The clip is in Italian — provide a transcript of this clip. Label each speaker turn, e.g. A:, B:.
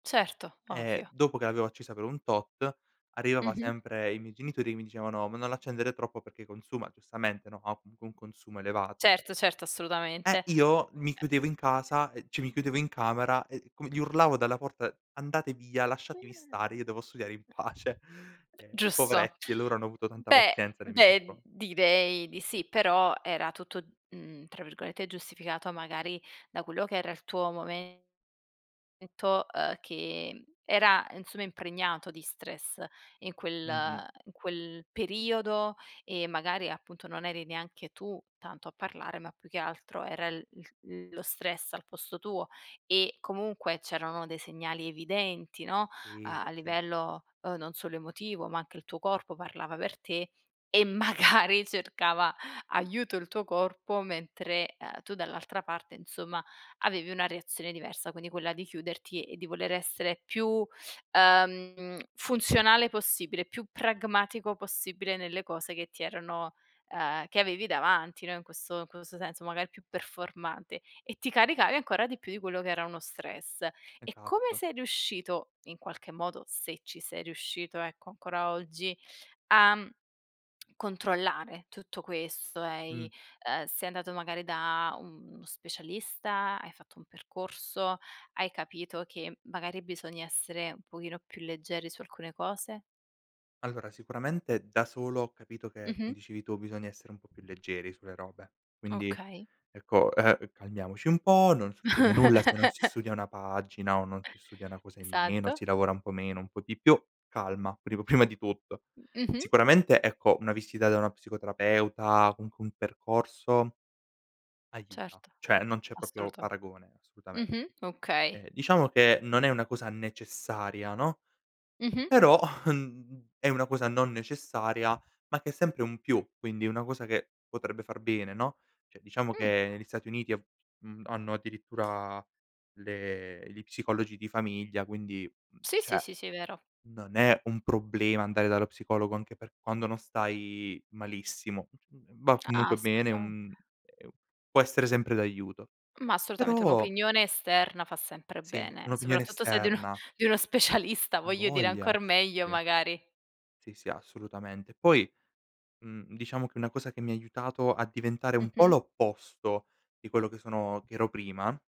A: Certo,
B: Eh
A: ovvio.
B: dopo che l'avevo accesa per un tot arrivava
A: Mh-mh.
B: sempre i miei genitori che mi dicevano: "Ma non l'accendere troppo perché consuma" giustamente, no, ha comunque un consumo elevato
A: Certo, certo,
B: e
A: assolutamente
B: io mi chiudevo in casa, ehm, cioè mi chiudevo in camera e com gli urlavo dalla porta: "Andate via, lasciatemi stare, io devo studiare in
A: [unintelligible]
B: pace." Ehm
A: Giusto.
B: poveretti, loro hanno avuto tanta
A: Beh,
B: pazienza nei miei
A: beh,
B: confron
A: direi di sì, però era tutto, mhmm, tra virgolette "giustificato" magari da quello che era il tuo momento, uhm, che era insomma impregnato di stress in quel
B: Mh-mh.
A: in quel periodo e magari appunto non eri neanche tu tanto a parlare, ma più che altro era il il lo stress al posto tuo e comunque c'erano dei segnali evidenti, no,
B: Sì,
A: a
B: sì, sì.
A: livello, uhm, non solo emotivo, ma anche il tuo corpo parlava per te e magari cercava aiuto il tuo corpo. Mentre, uhm, tu dall'altra parte, insomma, avevi una reazione diversa, quindi quella di chiuderti e di voler essere più, uhm, funzionale possibile, più pragmatico possibile, nelle cose che ti erano, uhm, che avevi davanti, no, in questo in questo senso, magari più performante e ti caricavi ancora di più di quello che era uno stress. E come
B: Esatto.
A: sei riuscito in qualche modo, se ci sei riuscito ecco, ancora oggi, a controllare tutto questo e i
B: Mh.
A: uhm, sei andato magari da uno specialista? Hai fatto un percorso? Hai capito che magari bisogna essere un pochino più leggeri su alcune cose?
B: Allora sicuramente da solo ho capito che,
A: Mh-mh.
B: come dicevi tu, bisogna essere un po' più leggeri sulle robe. Quindi
A: Okay.
B: ecco, uhm, calmiamoci un po', non succede nulla se non si studia una pagina o non si studia una cosa in meno,
A: Esatto.
B: si lavora un po' meno, un po' di più, calma, prim prima di tutto.
A: Mh, mh-mh.
B: Sicuramente, ecco, una visita da una psicoterapeuta, comunque un percorso aiuta.
A: Certo,
B: Cioè, non c'è proprio
A: assoluta
B: paragone, assolutamen
A: mh-mh. Okay.
B: ehm diciamo che non è una cosa necessaria, no,
A: Mh-mh.
B: però uhm, è una cosa non necessaria, ma che è sempre un più, quindi una cosa che potrebbe far bene, no. Cioè diciamo
A: Mh.
B: che negli Stati Uniti ha mhmm, hanno addirittura le gli psicologi di famiglia, quindi, mhmm,
A: Sì, sì,
B: cioè,
A: sì, sì, vero.
B: non è un problema andare dallo psicologo anche per quando non stai malissimo. Mhmm, va
A: A
B: comunque bene, è
A: assolutamente.
B: un è un può essere sempre d'aiuto.
A: Ma assolutamente,
B: Però
A: un'opinione esterna fa sempre
B: Sì,
A: bene,
B: un'opinione
A: soprattutto se di uno,
B: esterna.
A: di uno specialista, voglio dire,
B: Avoglia.
A: ancor meglio
B: Sì, sì.
A: magari.
B: Sì, sì, assolutamente. Poi, mhmm, diciamo che una cosa che mi ha aiutato a diventare un po'
A: Mh-mh.
B: l'opposto di quello che sono che ero prima